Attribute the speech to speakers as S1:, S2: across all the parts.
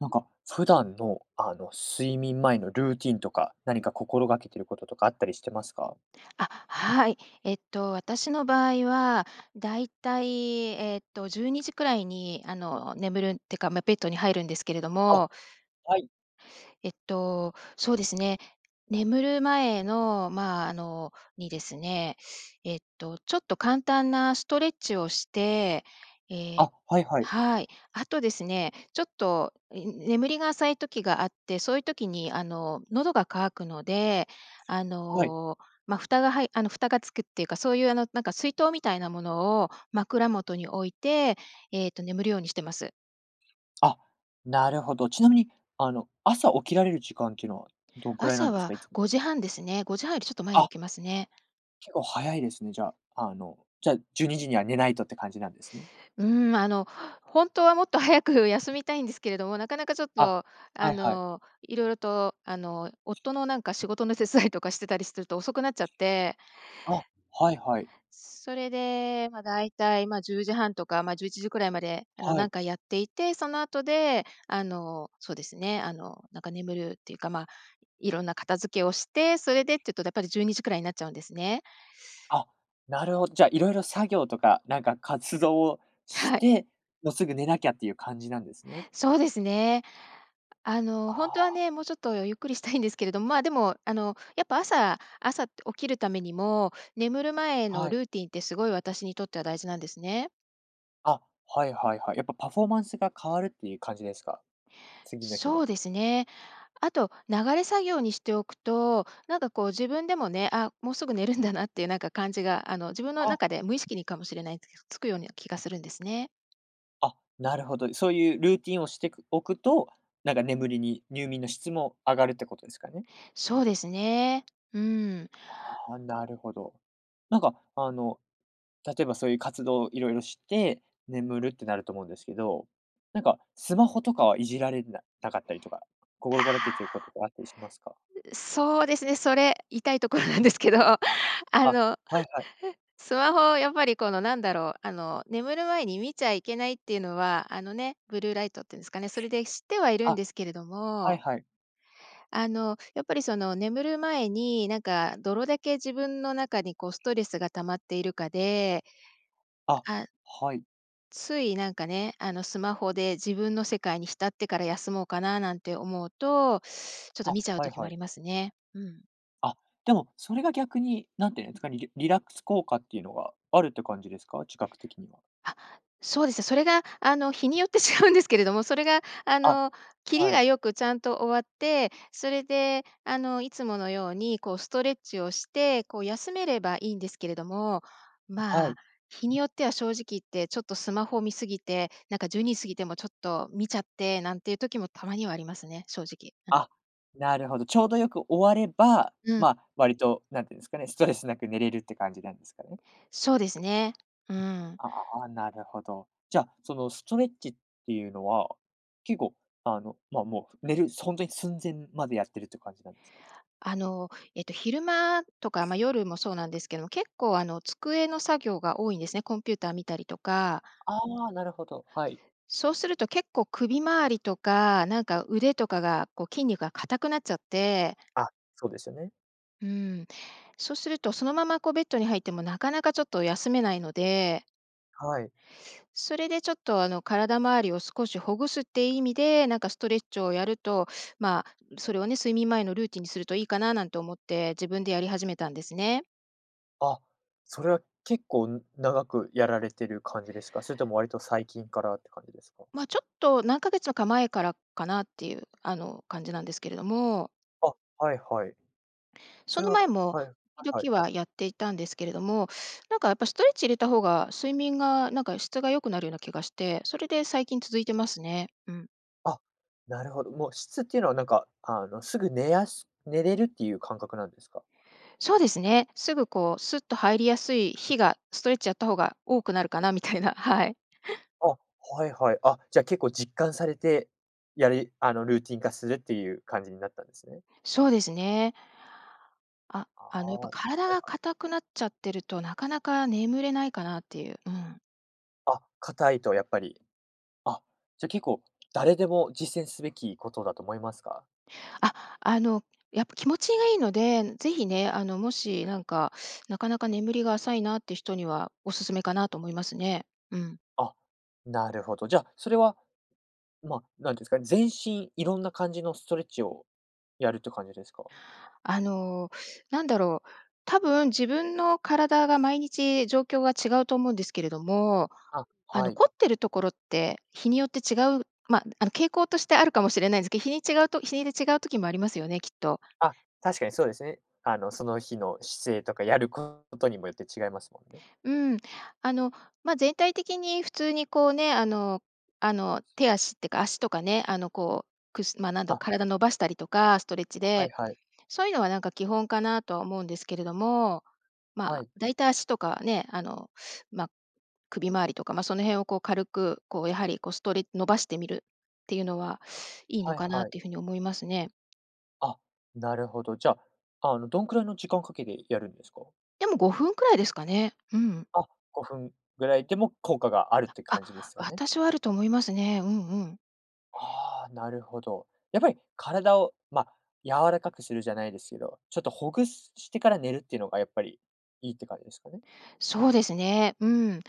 S1: なんか、普段の、あの、睡眠前のルーティンとか、何か心がけてることとかあったりしてますか？
S2: あ、はい。えっと、私の場合は大体、えっと、12時くらいに、あの、眠るってか、ま、ベッドに入るんですけれど
S1: あ、
S2: も
S1: はい。
S2: えっと、そうですね、眠る前の、ま、あの、にですね、えっと、ちょっと簡単なストレッチをして、ええ
S1: あ、はいはい。
S2: はい、あとですね、ちょっと、え、眠りが浅い時があって、そういう時に、あの、喉が渇くので、あ
S1: はい。
S2: の、ま、蓋がはいあの、蓋が付くっていうか、そういう、あの、なんか水筒みたいなものを枕元に置いて、ええと、眠るようにしてます。
S1: あ、なるほど。ちなみに、あの、朝起きられる時間っていうのはどんくらいなん
S2: 朝
S1: です
S2: は
S1: か？いつも。
S2: 5時30分ですね。5時30分よりちょっと前に
S1: あ。
S2: 起きますね。
S1: 結構早いですね、じゃ、あの、じゃ、12時には寝ないとって感じなんですね。
S2: うーん、ま、あの、ほんとはもっと早く休みたいんですけれども、なかなかちょっ
S1: あ、
S2: と、
S1: は
S2: あ
S1: いはい。
S2: の、色々と、あの、夫のなんか仕事の手伝いとかしてたりすると遅くなっちゃって。
S1: あ、はいはい。
S2: それで、ま、大体、ま、10時30分とか、ま、11時くらいまで、あの、
S1: は
S2: なん
S1: い。
S2: かやっていて、その後で、あの、そうですね、あの、なんか、眠るっていうか、ま、いろんな片付けをして、それでっていうとやっぱり12時くらいになっちゃうんですね。
S1: あ、なるほど。じゃ、色々作業とか、なんか、活動を し
S2: はい。
S1: て、も、すぐ寝なきゃっていう感じなんですね。
S2: そうですね。あの、
S1: あ
S2: ほんとは
S1: あ。
S2: ね、もうちょっとゆっくりしたいんですけれど、ま、でも、あの、やっぱ朝朝起きるためにも、眠る前
S1: は
S2: の
S1: い。
S2: ルーティンってすごい私にとっては大事なんですね。
S1: あ、はいはいはい、やっぱ、パフォーマンスが変わるっていう感じですか？次の日
S2: そ
S1: の。
S2: うですね。あと流れ作業にしておくと、なんか、こう、自分でもね、あ、もうすぐ寝るんだなっていう、なんか、感じが、あの、自分の
S1: あ。
S2: 中で無意識にかもしれないです、つくような気がするんですね。
S1: あ、なるほど、そういうルーティンをしてくおくと、なんか、眠りに入眠の質も上がるってことですかね？
S2: そうですね。うーん。
S1: ああ、なるほど。なんか、あの、例えばそういう活動をいろいろして、眠るってなると思うんですけど、なんか、スマホとかはいじられななかったりとか、
S2: あ
S1: 心掛らけてるこ
S2: あ、
S1: ととかあったりしますか？
S2: う、そうですね、それ痛いところなんですけど、あ
S1: あ、
S2: の、
S1: はいはい。
S2: スマホを、やっぱり、この、なんだろう、あの、眠る前に見ちゃいけないっていうのは、あのね、ブルーライトっていうんですかね、それで知ってはいるん
S1: あ、
S2: ですけれど
S1: はい
S2: も
S1: はい。
S2: あの、やっぱり、その、眠る前に、なんか、どれだけ自分の中に、こう、ストレスが溜まっているかで、
S1: あ、
S2: あ
S1: はい。
S2: つい、なんか、ね、あの、スマホで自分の世界に浸ってから休もうかななんて思うと、ちょっと、
S1: あ、
S2: 見ちゃう
S1: はい
S2: 時もあ
S1: はい。
S2: りますね。うん。
S1: あ、でもそれが逆に、何て言うんですか、にリ-リラックス効果っていうのがあるって感じですか？自覚的には。
S2: あ、そうですね。それが、あの日によって違うんですけれども、それが、あ
S1: あ、
S2: の、キリ
S1: はい。
S2: が良くちゃんと終わって、それであのいつものようにこうストレッチをして、こう休めればいいんですけれども、
S1: は
S2: まあ、
S1: い。
S2: 日によっては正直言って、ちょっとスマホを見過ぎて、なんか12時過ぎてもちょっと見ちゃってなんていう時もたまにはありますね、正直。うん。
S1: あ、なるほど。ちょうどよく終われば、
S2: うん。
S1: まあ、割と、何て言うんですかね、ストレス無く寝れるって感じなんですかね。
S2: そうですね。うん。
S1: ああ、なるほど。じゃ、そのストレッチっていうのは、結構あの、まあ、もう寝る、ほんとに寸前までやってるって感じなんですか？
S2: あの、えっと昼間とか、ま、夜もそうなんですけども、結構あの机の作業が多いんですね。コンピューター見たりとか。
S1: ああ、なるほど、はい。
S2: そうすると結構首回りとか、なんか腕とかが、こう筋肉が固くなっちゃって。
S1: あ、そうですよね。
S2: うん。そうするとそのままこうベッドに入っても、なかなかちょっと休めないので。
S1: はい。
S2: それでちょっと、あの体周りを少しほぐすって意味で、なんかストレッチをやると、まあ、それをね、睡眠前のルーティンにするといいかな、なんて思って、自分でやり始めたんですね。
S1: あ、それは結構長くやられてる感じですか？それとも割と最近からって感じですか？
S2: ま、ちょっと何ヶ月か前からかなっていう、あの、感じなんですけれども。
S1: あ、はいはい。
S2: そ
S1: それ
S2: の
S1: は
S2: 前も、
S1: はいはいは
S2: 時
S1: い。
S2: 々はやっていたんですけれども、なんかやっぱストレッチ入れた方が、睡眠がなんか質が良くなるような気がして、それで最近続いてますね。うん。
S1: あ、なるほど。もう質っていうのはなんか、あのすぐ寝やす寝れるっていう感覚なんですか？
S2: そうですね。すぐこう、すっと入りやすい日が、ストレッチやった方が多くなるかな、みたいな、はい。
S1: あ、はいはい。あ、じゃ結構実感されて、やりあのルーティン化するっていう感じになったんですね。
S2: そうですね。あ、
S1: あ
S2: あのや
S1: あ、
S2: っぱ
S1: はい
S2: 体
S1: は
S2: が
S1: い。
S2: 硬くなっちゃってると、なかなか眠れないかなっていう。うん。
S1: あ、硬いとやっぱり、あ、じゃ結構誰でも実践すべきことだと思いますか？
S2: あ、あの、やっぱ気持ちがいいので、是非ね、あのもしなんか、なかなか眠りが浅いなって人にはおすすめかなと思いますね。うん。
S1: あ、なるほど。じゃ、それは、ま、何て言うんですかね、全身いろんな感じのストレッチをやるっていう感じですか？
S2: あの、なんだろう、多分自分の体が毎日状況が違うと思うんですけれども、
S1: あ、
S2: あ
S1: は
S2: の
S1: い。
S2: 凝ってるところって日によって違うま、あの傾向としてあるかもしれないですけど、日に違うと日いで違う時もありますよね、きっと。
S1: あ、確かにそうですね。あのその日の姿勢とかやることにもよって違いますもんね。
S2: うーん。あの、ま、全体的に普通にこうね、あのあの、手足ってか足とかね、あのこう、くすま、なんだろ
S1: あ
S2: 体伸ばしたりとかストレッチ
S1: あ、はい
S2: で、
S1: はい。
S2: そういうのはなんか基本かなとは思うんですけれども、
S1: は
S2: ま、
S1: い。
S2: だいたい足とかね、あのま、首回りとか、ま、その辺をこう軽くこうやはりこうストレ伸ばしてみるっていうのはいいの
S1: はい
S2: かなっ
S1: はい。
S2: ていうふうに思いますね。
S1: あ、なるほど。じゃ、あの、どんくらいの時間をかけてやるんですか？
S2: でも5分くらいですかね。うん。
S1: あ、5分ぐらいでも効果があるって
S2: あ
S1: 感じで
S2: あ、
S1: すかね。
S2: 私はあると思いますね。うんうん。
S1: ああ、なるほど。やっぱり体を、ま、柔らかくするじゃないですけど、ちょっとほぐすしてから寝るっていうのがやっぱりいいって感じですかね。
S2: そうですね。うん。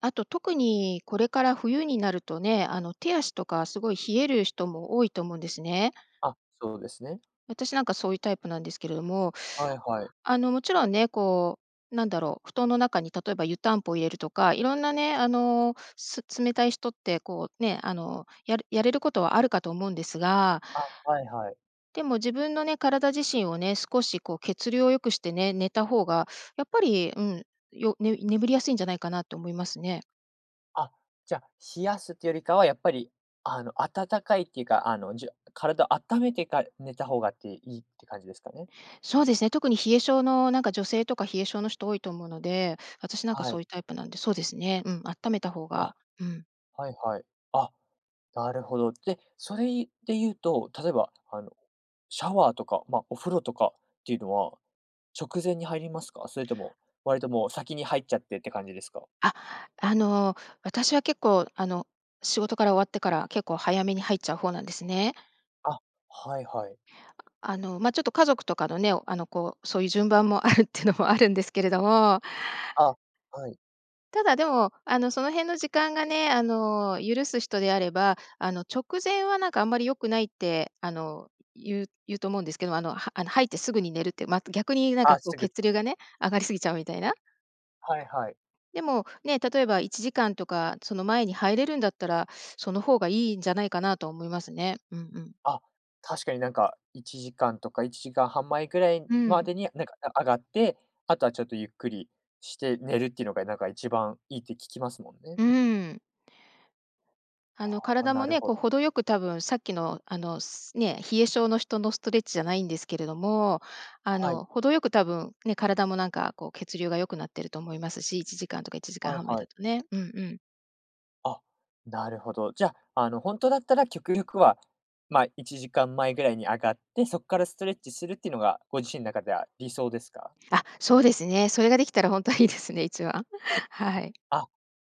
S2: あと、特にこれから冬になるとね、あの、手足とかすごい冷える人も多いと思うんですね。
S1: あ、そうですね。
S2: 私、なんか、そういうタイプなんですけれども、
S1: はいはい。
S2: あの、もちろんね、こう、なんだろう、布団の中に例えば湯たんぽを入れるとか、いろんなね、あの、す冷たい人って、こう、ね、あの、ややれることはあるかと思うんですが、
S1: あ、はいはい。
S2: でも自分のね、体自身をね、少し、こう、血流を良くしてね、寝た方がやっぱり、うん、よね眠りやすいんじゃないかなと思いますね。
S1: あ、じゃ、冷やすってよりかは、やっぱり、あの、温かいっていうか、あの、じよ体あっためてかる、寝た方がっていいって感じですかね。
S2: そうですね、特に冷え性の、なんか、女性とか冷え性の人多いと思うので、私なんか
S1: は
S2: そ
S1: い。
S2: ういうタイプなんで、そうですね。うん、あっためた方
S1: あ、
S2: が、うん。
S1: はいはい。あ、なるほど。で、それいで言うと、例えば、あの、シャワーとか、ま、お風呂とかっていうのは、直前に入りますか？それとも割ともう先に入っちゃってって感じですか？
S2: あ、あの、私は結構、あの、仕事から終わってから結構早めに入っちゃう方なんですね。
S1: あ、はいはい。
S2: あの、ま、ちょっと家族とかのね、あの、こう、そういう順番もあるっていうのも、あるんですけれども。
S1: あ、はい。
S2: ただ、でも、あの、その辺の時間がね、あの、許す人であれば、あの、直前は、なんか、あんまり良くないって、あの、言う言うと思うんですけど、あの、はあの、入ってすぐに寝るって、ま、逆になんか、
S1: あ、
S2: こう、
S1: すぐ
S2: 血流がね、上がりすぎちゃうみたいな。
S1: はいはい。
S2: でも、ね、例えば1時間とか、その前に入れるんだったら、その方がいいんじゃないかなと思いますね。うんうん。
S1: あ、確かになんか1時間とか1時間半前ぐらい
S2: うー
S1: ま
S2: ん。
S1: でになんか、あ上がって、あとはちょっとゆっくりして寝るっていうのがなんか一番いいって聞きますもんね。
S2: うーん。あの、
S1: あ、
S2: 体
S1: な
S2: も
S1: る
S2: ね、
S1: ほ
S2: こう、程よく多分さっきの、あの、すね、冷え性の人のストレッチじゃないんですけれども、あ
S1: は
S2: の、
S1: い。
S2: 程よく多分、ね、体もなんか、こう、血流が良くなってると思いますし、1時間とかいちじかん
S1: はい
S2: はんまえ
S1: はい。
S2: だとね。うんうん。
S1: あ、なるほど。じゃ、あの、ほんとだったら極力は、ま、1時間前ぐらいに上がって、そっからストレッチするってのが、ご自身中では理想ですか？
S2: あ、そうですね。それができたらほんとはいいですね、一番。はい。
S1: あ、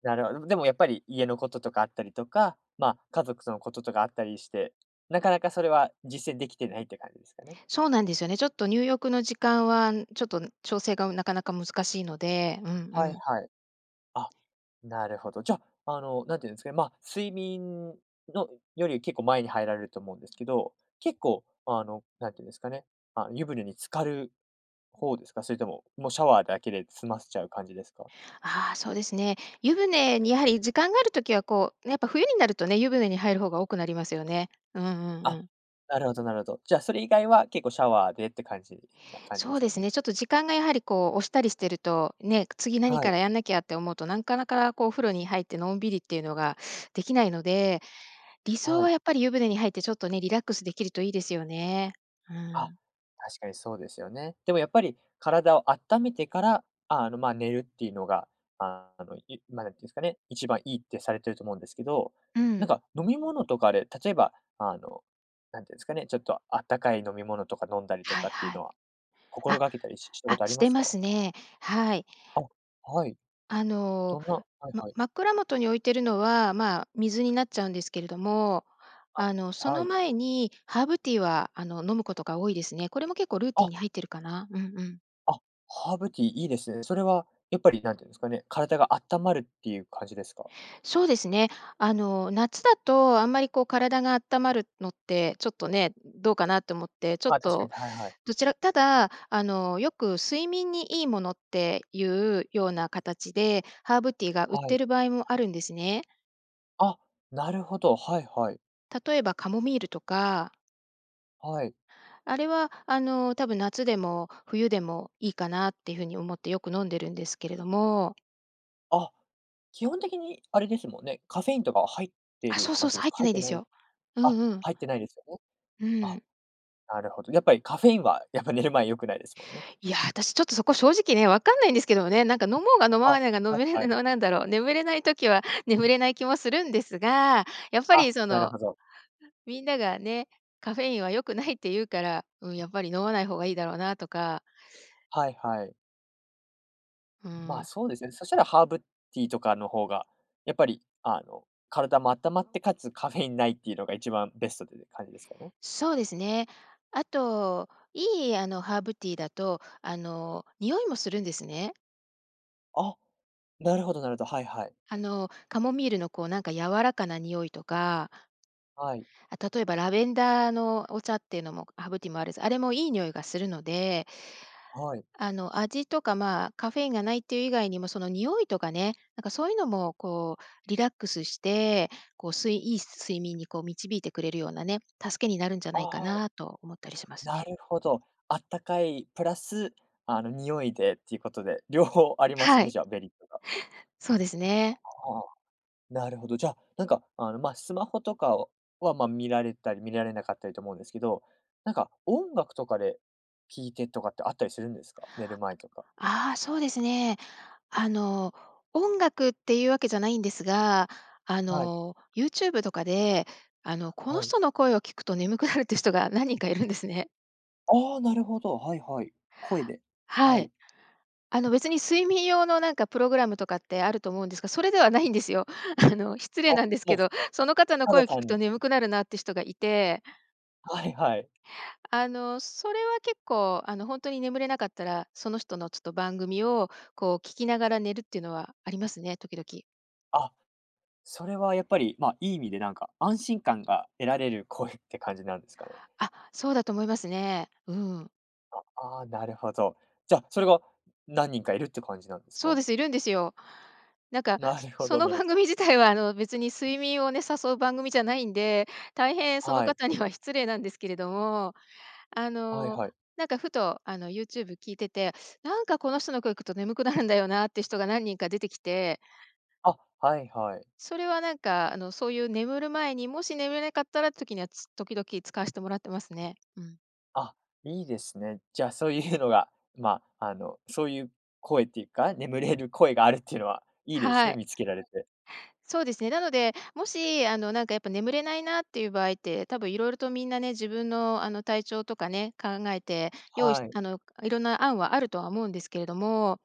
S1: なるほどね。でもやっぱり家のこととかあったりとか、ま、家族そのこととかあったりして、なかなかそれは実践できてないって感じですかね。
S2: そうなんですよね。ちょっと入浴の時間は、ん、ちょっと、ん、調整がなかなか難しいので、うんう
S1: はい
S2: ん。
S1: はい。あ、なるほど。じゃ、あの、なんて言うんですかね。ま、睡眠のより結構前に入られると思うんですけど、結構、あの、何て言うんですかね、ま、湯船に浸かる方ですか？それとも、もうシャワーだけで済ませちゃう感じですか？
S2: あ、そうですね。湯船にやはり時間がある時は、こう、やっぱ冬になるとね、湯船に入る方が多くなりますよね。うんうんう
S1: あ、
S2: ん。
S1: なるほどなるほど。じゃ、それ以外は結構シャワーでって感じな感じ
S2: そ
S1: で
S2: う
S1: す
S2: で
S1: か
S2: す
S1: ね？
S2: ね、ちょっと時間がやはりこう、押したりしてると、ね、次何
S1: はい。
S2: からやんなきゃって思うとなんかなか、こう、お風呂に入ってのんびりっていうのができないので、理想
S1: は
S2: は
S1: い。
S2: やっぱり湯船に入ってちょっとね、リラックスできるといいですよね。うー
S1: あ、
S2: ん。
S1: 確かにそうですよね。でもやっぱり体をあっためてから、ああの、ま、寝るっていうのが、あの、いま、なんて言うんですかね、一番いいってされてると思うんですけど、
S2: う
S1: なん
S2: ん。
S1: か飲み物とかで、例えば、あの、なんていうんですかね、ちょっとあったかい飲み物とか飲んだりと
S2: はい
S1: かっていう
S2: は
S1: の
S2: い。
S1: は、心
S2: あ、
S1: がけたりししたこ
S2: あ、
S1: とあり
S2: し
S1: ま
S2: て
S1: す
S2: ま
S1: か？
S2: すね。はい。
S1: あ、はい。
S2: あの、
S1: どんなはい
S2: ま
S1: はい。
S2: 枕元に置いてるのは、ま、水になっちゃうんですけれども、
S1: あ、
S2: あの、そ
S1: は
S2: の
S1: い。
S2: 前にハーブティーは、あの、飲むことが多いですね。これも結構ルーティン
S1: あ。
S2: に入ってるかな。うんうん。
S1: あ、ハーブティーいいですね。それはやっぱり何て言うんですかね、体が温まるっていう感じですか？
S2: そうですね。あの、夏だとあんまり、こう、体があったまるのって、ちょっと、ね、どうかなと思って、ちょっ
S1: まあ、確か
S2: と、
S1: に、はいはい。
S2: どちらただ、あの、よく睡眠にいいものっていうような形で、ハーブティーが売っ
S1: は
S2: て
S1: い。
S2: る場合もあるんですね。
S1: あ、なるほど、はいはい。
S2: 例えばカモミールとか。
S1: はい。
S2: あれは、あの、多分夏でも冬でもいいかなっていう風に思ってよく飲んでるんですけれども。
S1: あ、基本的にあれですもんね、カフェインとかは入って
S2: あ、
S1: る
S2: そうそ
S1: 感
S2: うそ
S1: じ
S2: う。
S1: です
S2: 入っ
S1: か？
S2: て
S1: 入
S2: な
S1: っ
S2: い
S1: て
S2: で
S1: な
S2: す
S1: い、
S2: よ。う
S1: あ、
S2: んうん。
S1: 入ってないですよね。
S2: うー
S1: あ、
S2: ん。
S1: なるほど。やっぱり、カフェインは、やっぱ、寝る前良くないですもんね。
S2: いや、私、ちょっと、そこ正直ね、わかんないんですけどもね、なんか、飲もうが飲
S1: あ、
S2: まないが飲
S1: はい
S2: めれ
S1: はい。
S2: ぬの、ななんだろう、眠れない時は眠れない気もするんですが、やっぱ
S1: あ、
S2: り、そ
S1: なる
S2: の、
S1: ほど。
S2: みんながね、「カフェインは良くない」って言うから、うん。やっぱり、飲まない方がいいだろうなとか。
S1: はいはい。
S2: うー
S1: ま、
S2: ん。
S1: そうですね、そしたらハーブティーとかの方が、やっぱり、あの、体もあったまって且つカフェインないっていうのが、一番ベストってて感じですかね。
S2: そうですね。あと、いい、あの、ハーブティーだと、あの、匂いもするんですね。
S1: あ、なるほどなるほど、はいはい。
S2: あの、カモミールのこう、なんか柔らかな匂いとか
S1: はい。
S2: あ、例えば、ラベンダーのお茶っていうのもハーブティもあるし、あれもいい匂いがするので
S1: はい。
S2: あの、味とか、ま、カフェインがないっていう以外にもその匂いとかね、なんかそういうのも、こうリラックスして、こう睡いい睡眠にこう導いてくれるようなね、助けになるんじゃないか
S1: ああ。
S2: なと思ったりします
S1: な
S2: ね。
S1: るほど。あったかいプラス、あの、匂いでっていうことで、両方あります
S2: は
S1: ね、
S2: い。
S1: じゃあメリットが。
S2: そうです
S1: あ
S2: ね。
S1: あ、なるほど、じゃ、なんかあの、ま、スマホとかをは、ま、見られたり見られなかったりと思うんですけど、なんか音楽とかで、聴いてとかってあったりするんですか？寝る前とか。
S2: ああ、そうですね。あの、音楽っていうわけじゃないんですが、あ
S1: はい。
S2: の、ユーチューブとかで、あの、この
S1: はい。
S2: 人の声を聞くと眠くなるっていう人が何人かいるんですね。
S1: ああ、なるほど。はいはい。声で？
S2: は
S1: は
S2: い。
S1: い。
S2: あの、別に睡眠用のなんかプログラムとかってあると思うんですが、それではないんですよ。あの、失礼
S1: あ、
S2: なんです
S1: も
S2: け
S1: う、
S2: ど、その方の
S1: た
S2: 声
S1: だ
S2: を聞く
S1: 単
S2: と
S1: に
S2: 眠くなるなって人がいて
S1: はいはい。
S2: あの、それは結構、あの、ほんとに眠れなかったら、その人のちょっと番組を、こう聞きながら寝るっていうのはありますね、時々。
S1: あ、それは、やっぱり、ま、いい意味で、なんか、安心感が得られる声って感じなんですかね。
S2: あ、そうだと思いますね。うーん。
S1: あ、ああ、なるほど。じゃ、それが何人かいるって感じなんです
S2: そう
S1: か？
S2: です、いるんですよ。なんか、
S1: な
S2: そ
S1: るほ
S2: そ
S1: ど、
S2: の、
S1: なる。
S2: 番組自体は、あの、別に睡眠をね、誘う番組じゃないんで、大変その
S1: はい。
S2: 方には失礼なんですけれども、あ
S1: はい
S2: の、
S1: はい。
S2: なんか、ふと、あの、YouTube 聞いてて、なんか、この人の声行くと眠くなるんだよなって人が何人か出てきて。
S1: あ、はいはい。
S2: それは、なんか、あの、そういう眠る前に、もし眠れなかったらって時には、つ時々使わしてもらってますね。うん。
S1: あ、いいですね。じゃあ、そういうのが、ま、あの、そういう声っていうか、眠れる声があるっていうのはいいです
S2: は
S1: ね、
S2: い。
S1: 見つけられて。
S2: そうですね。なので、もし、あの、なんか、やっぱ、眠れないなっていう場合って、多分色々とみんなね、自分の、あの、体調とかね、考えて用意し
S1: はい。
S2: あの、かいろんな案はあるとは思うんですけれども、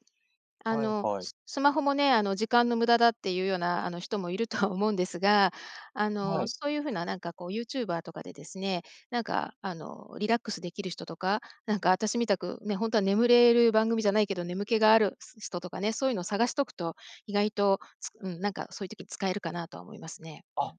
S2: あ
S1: はい
S2: の、
S1: はい。
S2: ススマホもね、あの「時間の無駄だ」っていうような、あの、人もいるとは思うんですが、あ
S1: は
S2: の、
S1: い。
S2: そういう風な、なんか、こう、YouTuber とかでですね、なんか、あの、リラックスできる人とか、なんか、私みたくね、ほんとは眠れる番組じゃないけど眠気があるす人とかね、そういうのを探しとくと意外と、つうん、なんか、そういう時に使えるかなとは思いますね。う
S1: あ、
S2: ん。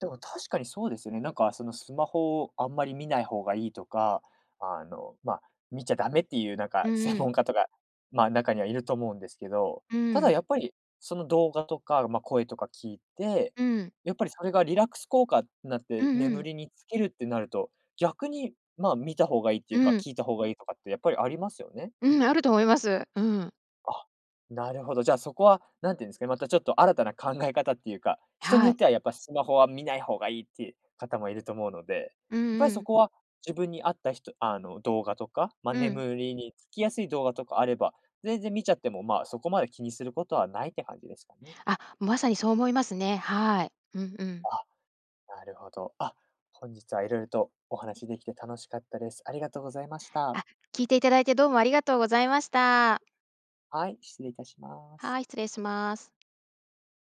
S1: でも、確かにそうですよね。なんか、その、スマホをあんまり見ない方がいいとか、あの、ま、見ちゃダメっていう、なんか、
S2: うん
S1: 専
S2: うん。
S1: 門家とか、ま、中にはいると思うんですけど、
S2: う
S1: た
S2: ー
S1: だ、
S2: ん。
S1: やっぱり、その、動画とか、ま、声とか聞いて、
S2: うーん。
S1: やっぱり、それがリラックス効果ってなっ
S2: う
S1: て
S2: んう
S1: 眠
S2: ん。
S1: りにつけるってなると、逆に、ま、見た方がいいって
S2: う
S1: いうか、
S2: ーん。
S1: 聞いた方がいいとかって、やっぱり、ありますよね。
S2: うん、あると思います。うん。
S1: あ、なるほど、じゃあ、そこは何て言うんですかね、また、ちょっと、新たな考え方っていうか、人に
S2: は
S1: よっ
S2: い。
S1: ては、やっぱ、スマホは見ない方がいいっていう方もいると思うので、やっ
S2: うん
S1: ぱ
S2: う
S1: り、そ
S2: ん。
S1: こは自分に合った人あの、動画とか、ま、
S2: うん。
S1: 眠りにつきやすい動画とかあれば全然見ちゃっても、ま、そこまで気にすることはないって感じですかね。
S2: あ、まさにそう思いますね。はい。うんうん。
S1: あ、なるほど。あ、本日は色々とお話できて楽しかったです。ありがとうございました。
S2: あ、聞いていただいて、どうもありがとうございました。
S1: はい、失礼いたします。
S2: はい、失礼します。